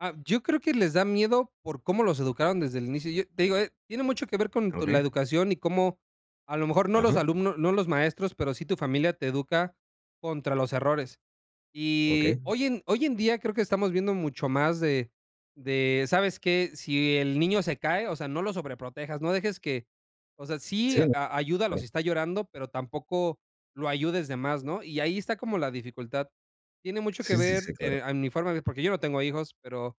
Ah, yo creo que les da miedo por cómo los educaron desde el inicio. Yo te digo, eh, tiene mucho que ver con con la Okey. educación y cómo, a lo mejor, no los Ajá. alumnos no los maestros, pero sí tu familia te educa contra los errores. Y Okey. hoy en hoy en día creo que estamos viendo mucho más de de, ¿sabes qué? Si el niño se cae, o sea, no lo sobreprotejas, no dejes que o sea, sí Sí. a ayúdalo si está llorando, pero tampoco lo ayudes de más, ¿no? Y ahí está como la dificultad, tiene mucho que Sí, sí, ver, si, claro. eh, a mi forma de ver, porque yo no tengo hijos, pero,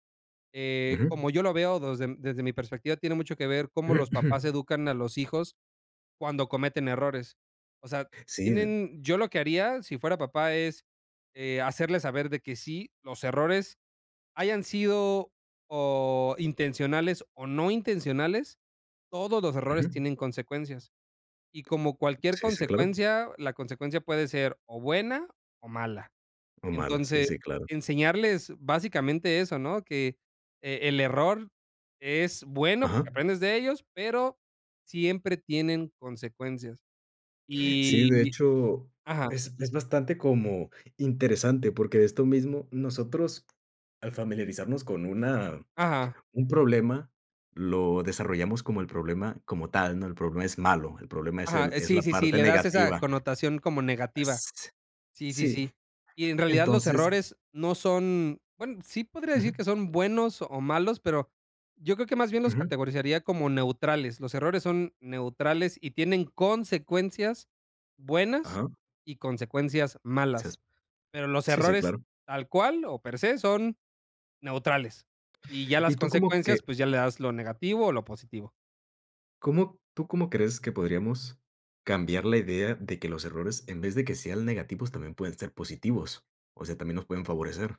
eh, Ajá. como yo lo veo des desde mi perspectiva, tiene mucho que ver cómo los papás educan a los hijos cuando cometen errores. O sea, Sí. tienen, yo lo que haría si fuera papá es, eh, hacerles saber de que sí, los errores hayan sido o intencionales o no intencionales, todos los errores Ujú. tienen consecuencias y, como cualquier Sí, sí, claro. consecuencia, la consecuencia puede ser o buena o mala. O malas, sí, Entonces, sí, claro. enseñarles básicamente eso, ¿no? Qué, e el error es bueno Ajá. porque aprendes de ellos, pero siempre tienen consecuencias. Sí, de Y hecho, ajá. es es bastante como interesante, porque de esto mismo nosotros, al familiarizarnos con una Ajá. un problema, lo desarrollamos como el problema como tal, ¿no? El problema es malo, el problema es Ajá, el eh, es sí, la sí, sí, parte le das esa negativa. connotación como Ah, negativa. si. Sí, sí, Sí. sí. Y en realidad los Entonces errores no son bueno, sí podría decir Ujú. que son buenos o malos, pero yo creo que más bien los Ujú. categorizaría como neutrales, los errores son neutrales. Y tienen consecuencias buenas Ajá. y consecuencias [unintelligible] malas, pero los Sí, sí, errores claro. tal cual, o per se, son neutrales, y ya las ¿Y tú cómo consecuencias, que? pues ya le das lo negativo o lo positivo. ¿Cómo tú cómo crees que podríamos cambiar la idea de que los errores, en vez de que sean negativos, también pueden ser positivos? O sea, también nos pueden favorecer.